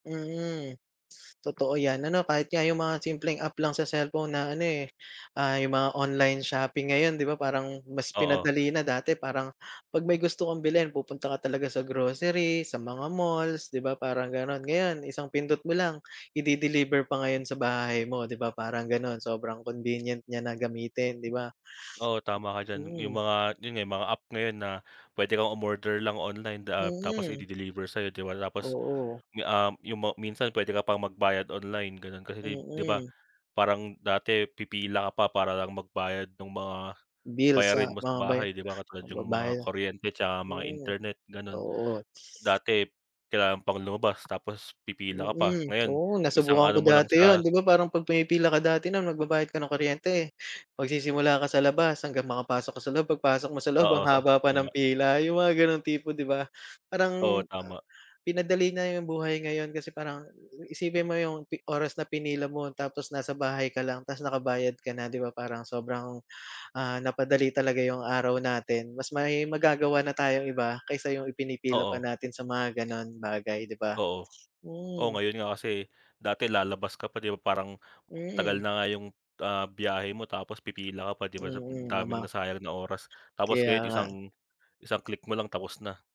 Mhm, totoo yan ano kahit nga 'yung mga simpleng app lang sa cellphone na ano, eh, ah, 'yung mga online shopping ngayon 'di ba parang mas Oo. pinadali na dati parang pag may gusto kang bilhin pupunta ka talaga sa grocery, sa mga malls di ba parang gano'n. Ngayon isang pindot mo lang i-de-deliver pa ngayon sa bahay mo 'di ba parang gano'n, sobrang convenient niya na gamitin di ba? Oo, tama ka diyan 'yung Mm. mga, 'yun nga mga app ngayon na puwede kang umorder lang online da ah, tapos Mhm. i-de-deliver sayo di ba tapos Oo. 'yung, um, ma minsan puwede ka pang magbayad online gano'n kasi kai di ba Mm. parang dati pipila ka pa para lang magbayad nung mga Bills bayarin sa mo sa mga baya bahay di ba katulad 'yung mga pagbabaya kuryente 'tsaka mga hmm, internet, gano'n. oo. Dati kailangan pang lumabas tapos pipila ka pa, Mm, ngayon oo isang nasubukan ko ano mo lang dati sa 'yon 'di ba parang pag pumipila ka dati nung magbabayad ka ng kuryente, magsisimula ka sa labas hanggang makapasok ka sa loob pagpasok mo sa loob Oo, ang haba pa tama. ng pila 'yong mga ganong tipo 'di ba? Oo, Parang, ah tama. pinadali na 'yong buhay ngayon kasi parang isipin mo 'yong oras na pinila mo tapos nasa bahay ka lang ta's nakabayad ka na 'di ba parang sobrang, ah, napadali talaga 'yong araw natin, mas may magagawa na tayong iba kaysa 'yung ipinipila pa Oo. natin sa mga gano'n bagay 'di ba? Oo, oh, Hmm. ngayon nga kasi, dati lalabas ka pa 'di ba parang tagal Mm. na nga 'yung, ah, biyahe mo tapos pipila ka pa 'di ba? So Mm, daming mama. nasayang na oras tapos Kaya ngayon isang, nga. isang click mo lang tapos na.